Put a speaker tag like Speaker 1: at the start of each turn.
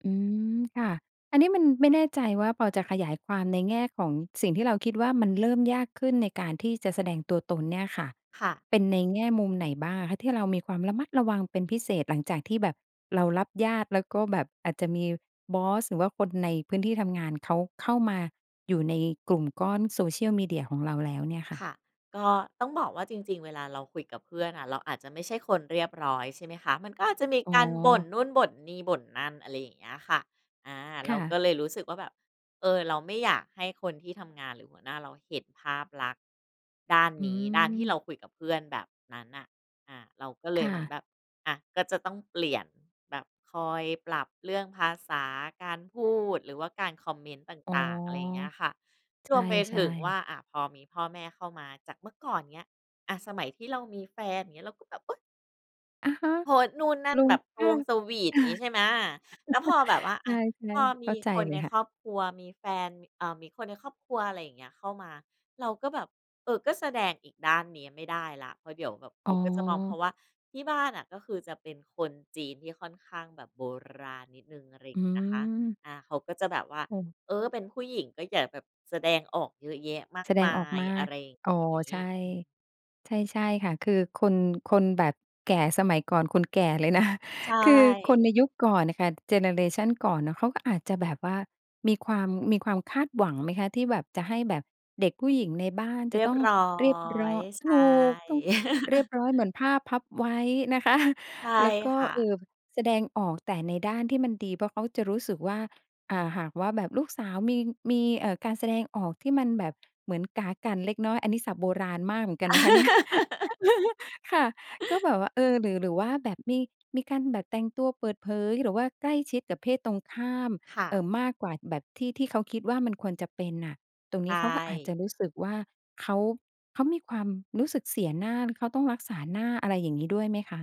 Speaker 1: อืม ค่ะ อันนี้มัน ไม่แน่ใจว่าพอจะขยายความในแง่ของสิ่งที่เราคิดว่ามันเริ่มยากขึ้นในการที่จะแสดงตัวตนเนี่ยค่ะ
Speaker 2: ค่ะ
Speaker 1: เป็นในแง่มุมไหนบ้างอะคะที่เรามีความระมัดระวังเป็นพิเศษหลังจากที่แบบเรารับญาติ แล้วก็แบบอาจจะมีบอส หรือว่าคนในพื้นที่ทำงานเขาเข้ามาอยู่ในกลุ่มก้อน social media ของเราแล้วเนี่ยค่
Speaker 2: ค
Speaker 1: ะ?
Speaker 2: ่ะ ก็ต้องบอกว่าจริง ๆ เวลาเราคุยกับเพื่อนน่ะ เราอาจจะไม่ใช่คนเรียบร้อย ใช่ไหมคะ มันก็อาจจะมี
Speaker 1: อ๋
Speaker 2: การบ่น
Speaker 1: อ
Speaker 2: นู่น บ่นนี่ บ่นนั่น อะไรอย่างเงี้ยค่ะ อา เ
Speaker 1: ค
Speaker 2: รา
Speaker 1: ่
Speaker 2: ก
Speaker 1: ะ
Speaker 2: ็เลยรู้สึกว่าแบบ เออ เราไม่อยากให้คนที่ทำงานหรือหัวหน้าเราเห็นภาพลักษณ์ด้าน
Speaker 1: อื
Speaker 2: นี้ ด้านที่เร
Speaker 1: ม
Speaker 2: าคุยกับเพื่อนแบบนั้นน่ะ อา เราก็เล
Speaker 1: ค
Speaker 2: ย
Speaker 1: ่
Speaker 2: เหมือน
Speaker 1: ะ
Speaker 2: แบบ อา ก็จะต้องเปลี่ยน แบบคอยปรับเรื่องภาษา การพูด หรือว่าการคอมเมนต์ต
Speaker 1: อ๋อ
Speaker 2: ่าง ๆ อะไรเงี้ยค่ะ
Speaker 1: ใ
Speaker 2: รวมไป
Speaker 1: ช
Speaker 2: ถ
Speaker 1: ่
Speaker 2: ึงว่
Speaker 1: ๆ
Speaker 2: า อ่า พอมีพ่อแม่เข้ามา จากเมื่อก่อนเนี้ย อา สมัยที่เรามีแฟน อย่างเงี้ย เราก็แบบ อุ๊ย!
Speaker 1: อะฮะ
Speaker 2: โพสต์นู่นนั่
Speaker 1: ล
Speaker 2: น
Speaker 1: ุ
Speaker 2: แ
Speaker 1: ง
Speaker 2: บบส
Speaker 1: ค
Speaker 2: ะว
Speaker 1: ่ะ
Speaker 2: งสวีต
Speaker 1: อา
Speaker 2: อย่างงี้ใช่ไหม แล้วพอแบบว่า
Speaker 1: ใ
Speaker 2: อ
Speaker 1: ช
Speaker 2: า
Speaker 1: ่
Speaker 2: พอ
Speaker 1: ๆ เ
Speaker 2: ม
Speaker 1: ข้
Speaker 2: ี
Speaker 1: าใจ
Speaker 2: คน
Speaker 1: เล
Speaker 2: ใ
Speaker 1: ย
Speaker 2: น
Speaker 1: ค่
Speaker 2: ค
Speaker 1: ะ
Speaker 2: รอบครัวมีแฟนมี ม เอ่อ มีคนในครอบครัว อะไรเงี้ย เข้ามา เราก็แบบ เอ่อ ก็แสดงอีกด้านนี้ไม่ได้แล้ว เพราะเดี๋ยวแบบเข
Speaker 1: อ๋
Speaker 2: า
Speaker 1: อ
Speaker 2: ก็จะมอง เพราะว่าที่บ้านน่ะก็คือจะเป็นคนจีนที่ค่อนข้างแบบโบราณนิดหนึ่ง อะไรอย่
Speaker 1: อื
Speaker 2: างงี้นะคะ
Speaker 1: ม
Speaker 2: อา เขาก็จะแบบว่า
Speaker 1: โอ้
Speaker 2: "เออ! เป็นผู้หญิงก็อย่าแบบแสดงออกเยอะแยะมา
Speaker 1: แ
Speaker 2: ก
Speaker 1: สด
Speaker 2: ม
Speaker 1: ง
Speaker 2: า
Speaker 1: ออก
Speaker 2: ย"
Speaker 1: มา
Speaker 2: อะ
Speaker 1: ก
Speaker 2: ไรอย่าง
Speaker 1: อ๋อ
Speaker 2: งี
Speaker 1: ใ
Speaker 2: ้
Speaker 1: ช่
Speaker 2: อืม
Speaker 1: ใช่ ใช่ค่ะ คือคน คนแบบแก่สมัยก่อน คนแก่เลย นะ
Speaker 2: ใช
Speaker 1: คือคน
Speaker 2: ่
Speaker 1: ในยุคก่อนน่ะค่ะ เจเนอเรชันก่อนน่ะ เขาก็อาจจะแบบว่ามีความ มีความคาดหวังไหมคะที่แบบจะให้แบบเด็กผู้หญิงในบ้านจ
Speaker 2: เ
Speaker 1: ะ
Speaker 2: รีย
Speaker 1: ต
Speaker 2: บ
Speaker 1: ้อง
Speaker 2: ร้อ
Speaker 1: เรียบร้อ
Speaker 2: ย ใช
Speaker 1: ถู
Speaker 2: ่
Speaker 1: ก ต้องเรียบร้อยเหมือนผ้าพับไว้นะ คะ
Speaker 2: ใช่
Speaker 1: แล้วก็
Speaker 2: ค่
Speaker 1: เอ่
Speaker 2: ะ
Speaker 1: อ บ แสดงออกแต่ในด้านที่มันดี เพราะเขาจะรู้สึกว่า อ่า หากว่าแบบลูกสาวมี มี เอ่อ การแสดงออกที่มันแบบเหมือนก๋ากั่นเล็กน้อย อันนี้ศัพท์โบราณมากเหมือนกันนะคะ เนี่ย ค่ะ ก็แบบว่า เออ หรือ หรือว่าแบบมี มีการแบบแต่งตัวเปิดเผย หรือว่าใกล้ชิดกับเพศตรงข้าม
Speaker 2: ค่
Speaker 1: เ
Speaker 2: ะ
Speaker 1: อ่อ มากกว่าแบบที่ ที่เขาคิดว่ามันควรจะเป็นน่ะ ตรง
Speaker 2: ใ
Speaker 1: นี้เขาก็อาจจะ
Speaker 2: ต้
Speaker 1: รู้สึกว่าเขา เขามีความรู้สึกเสียหน้า หรือเขาต้องรักษาหน้า อะไรอย่างงี้ด้วยไหมคะ?